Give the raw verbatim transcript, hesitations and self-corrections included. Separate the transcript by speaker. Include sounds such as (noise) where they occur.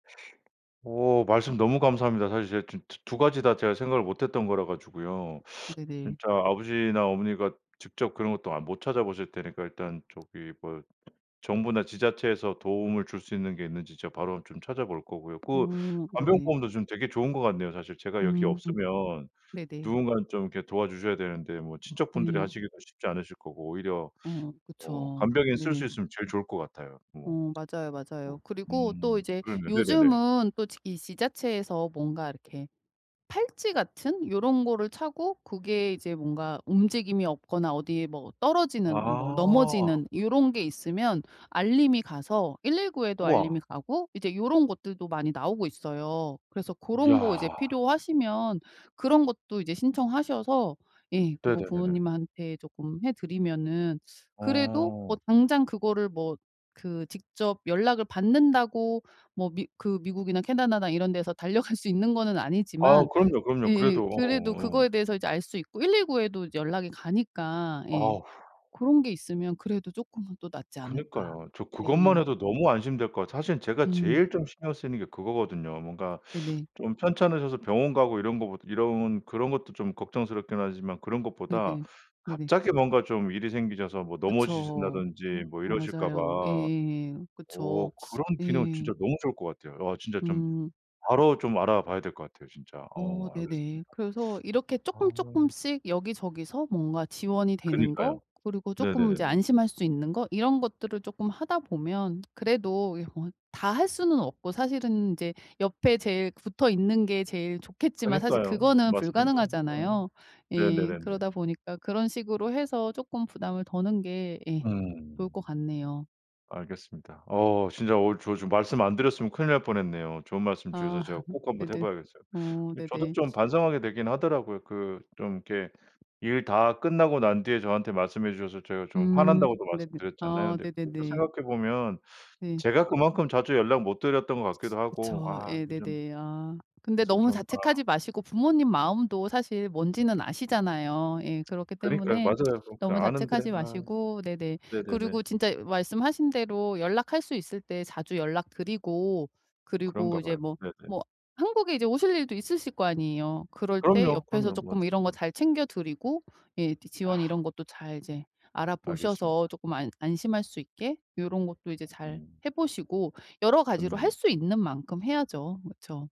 Speaker 1: 어 말씀 너무 감사합니다. 사실 제가 지금 두 두 가지 다 제가 생각을 못 했던 거라 가지고요.
Speaker 2: 네네.
Speaker 1: 진짜 아버지나 어머니가 직접 그런 것도 안 못 찾아보실 테니까 일단 저기 뭐 정부나 지자체에서 도움을 줄 수 있는 게 있는지 제가 바로 좀 찾아 볼 거고요. 그
Speaker 2: 음 네네.
Speaker 1: 간병보험도 좀 되게 좋은 것 같네요. 사실 제가 여기
Speaker 2: 음.
Speaker 1: 없으면
Speaker 2: 네네.
Speaker 1: 누군가는 좀 이렇게 도와 주셔야 되는데 뭐 친척분들이
Speaker 2: 네.
Speaker 1: 하시기가 쉽지 않으실 거고 오히려
Speaker 2: 어
Speaker 1: 뭐
Speaker 2: 그쵸.
Speaker 1: 간병인 쓸 수
Speaker 2: 네네.
Speaker 1: 있으면 제일 좋을 것 같아요. 뭐
Speaker 2: 어 맞아요, 맞아요.
Speaker 1: 뭐
Speaker 2: 그리고 또
Speaker 1: 음
Speaker 2: 이제
Speaker 1: 그렇네요. 네네네.
Speaker 2: 요즘은 또 지 이 지자체에서 뭔가 이렇게 팔찌 같은 요런 거를 차고 고게 이제 뭔가 움직임이 없거나 어디에 뭐 떨어지는 뭐
Speaker 1: 아.
Speaker 2: 넘어지는 요런 게 있으면 알림이 가서 일일구 에도
Speaker 1: 우와.
Speaker 2: 알림이 가고 이제 요런 것들도 많이 나오고 있어요. 그래서 고런 거
Speaker 1: 야.
Speaker 2: 이제 필요하시면 그런 것도 이제 신청하셔서 예 그거
Speaker 1: 네네네네.
Speaker 2: 부모님한테 쪼끔 해 드리면은 그래도 뭐
Speaker 1: 아.
Speaker 2: 당장 그거를 뭐 그 직접 연락을 받는다고 뭐 미 그 미국이나 캐나다나 이런 데서 달려갈 수 있는 거는
Speaker 1: 아
Speaker 2: 아니지만
Speaker 1: 그럼요, 그럼요.
Speaker 2: 예예
Speaker 1: 그래도 어
Speaker 2: 그래도
Speaker 1: 어.
Speaker 2: 그거에 대해서 이제 알 수 있고 일일구 에도 이제 연락이 가니까 예
Speaker 1: 어후.
Speaker 2: 고런 게 있으면 그래도 쪼끔은 또 낫지 않을까.
Speaker 1: 그니까요. 저 그것만
Speaker 2: 예예.
Speaker 1: 해도 너무 안심될 것 같아요. 사실 제가
Speaker 2: 음.
Speaker 1: 제일 좀 신경 쓰이는 게 그거거든요. 뭔가
Speaker 2: 네네.
Speaker 1: 좀 편찮으셔서 병원 가고 이런 거 보다 이런 그런 것도 좀 걱정스럽긴 하지만 그런 것보다
Speaker 2: 네네. 네네.
Speaker 1: 갑자기 뭔가 좀 일이 생기셔서 뭐
Speaker 2: 그쵸.
Speaker 1: 넘어지신다든지 뭐
Speaker 2: 어
Speaker 1: 이러실까
Speaker 2: 맞아요.
Speaker 1: 봐
Speaker 2: 예예예.
Speaker 1: 어
Speaker 2: 그쵸.
Speaker 1: 그런 기능 진짜
Speaker 2: 예.
Speaker 1: 너무 좋을 것 같아요. 아 진짜 좀
Speaker 2: 음.
Speaker 1: 바로 좀 알아 봐야 될 것 같아요 진짜.
Speaker 2: 어
Speaker 1: 어
Speaker 2: 네네.
Speaker 1: 알겠습니다.
Speaker 2: 그래서 이렇게 쪼끔,
Speaker 1: 아.
Speaker 2: 쪼끔씩 여기저기서 뭔가 지원이 되는
Speaker 1: 그니까요.
Speaker 2: 거 그리고 쪼끔 이제
Speaker 1: 네네네네.
Speaker 2: 안심할 수 있는 거 이런 것들을 쪼금 하다 보면 그래도 이 요 다 할 수는 없고 사실은 이제 옆에 제일 붙어 있는 게 제일 좋겠지만 사실
Speaker 1: 그니까요.
Speaker 2: 그거는
Speaker 1: 맞습니다. 어.
Speaker 2: 불가능하잖아요. 예.
Speaker 1: 네네네네.
Speaker 2: 그러다 보니까 그런 식으로 해서 쪼끔 부담을 더는 게 예
Speaker 1: 음.
Speaker 2: 좋을 것 같네요.
Speaker 1: 알겠습니다. 어 진짜 어 저 좀 말씀 안 드렸으면 큰일 날 뻔했네요. 좋은 말씀 주셔서 제가
Speaker 2: 아
Speaker 1: 꼭
Speaker 2: (laughs)
Speaker 1: 한번 해
Speaker 2: 네네.
Speaker 1: 봐야겠어요.
Speaker 2: 어
Speaker 1: 이 저도
Speaker 2: 네네.
Speaker 1: 좀 반성하게 되긴 하더라고요. 그 좀 이렇게 일 다 끝나고 난 뒤에 저한테 말씀해 주셔서 제가 좀
Speaker 2: 음
Speaker 1: 화난다고도
Speaker 2: 네네.
Speaker 1: 말씀드렸잖아요.
Speaker 2: 아
Speaker 1: 근데 그것도
Speaker 2: 네네네.
Speaker 1: 생각해 보면
Speaker 2: 네.
Speaker 1: 제가 그만큼 자주 연락 못 드렸던 것 같기도 하고
Speaker 2: 그쵸.
Speaker 1: 아 이 좀
Speaker 2: 예네네. 아. 근데
Speaker 1: 그래서
Speaker 2: 너무
Speaker 1: 좀 아
Speaker 2: 자책하지 마시고 부모님 마음도 사실 뭔지는 아시잖아요. 예. 그렇기
Speaker 1: 그니까요.
Speaker 2: 때문에
Speaker 1: 맞아요. 그
Speaker 2: 너무
Speaker 1: 아는데
Speaker 2: 자책하지
Speaker 1: 아.
Speaker 2: 마시고 네네
Speaker 1: 네네네.
Speaker 2: 그리고 진짜 말씀하신 대로 연락할 수 있을 때 자주 연락 드리고 그리고
Speaker 1: 그런가
Speaker 2: 이제
Speaker 1: 봐요.
Speaker 2: 뭐
Speaker 1: 네네.
Speaker 2: 뭐 한국에 이제 오실 일도 있으실 거 아니에요. 그럴 때
Speaker 1: 그럼요,
Speaker 2: 옆에서
Speaker 1: 그럼요.
Speaker 2: 쪼금 이런 거
Speaker 1: 맞아요.
Speaker 2: 잘 챙겨 드리고 예 또 지원
Speaker 1: 아.
Speaker 2: 이런 것도 잘 이제 알아 보셔서
Speaker 1: 알겠습니다.
Speaker 2: 쪼끔 안 안심할 수 있게 요런 것도 이제 잘
Speaker 1: 음.
Speaker 2: 해 보시고 여러 가지로
Speaker 1: 좋네요.
Speaker 2: 할 수 있는 만큼 해야죠. 그쵸.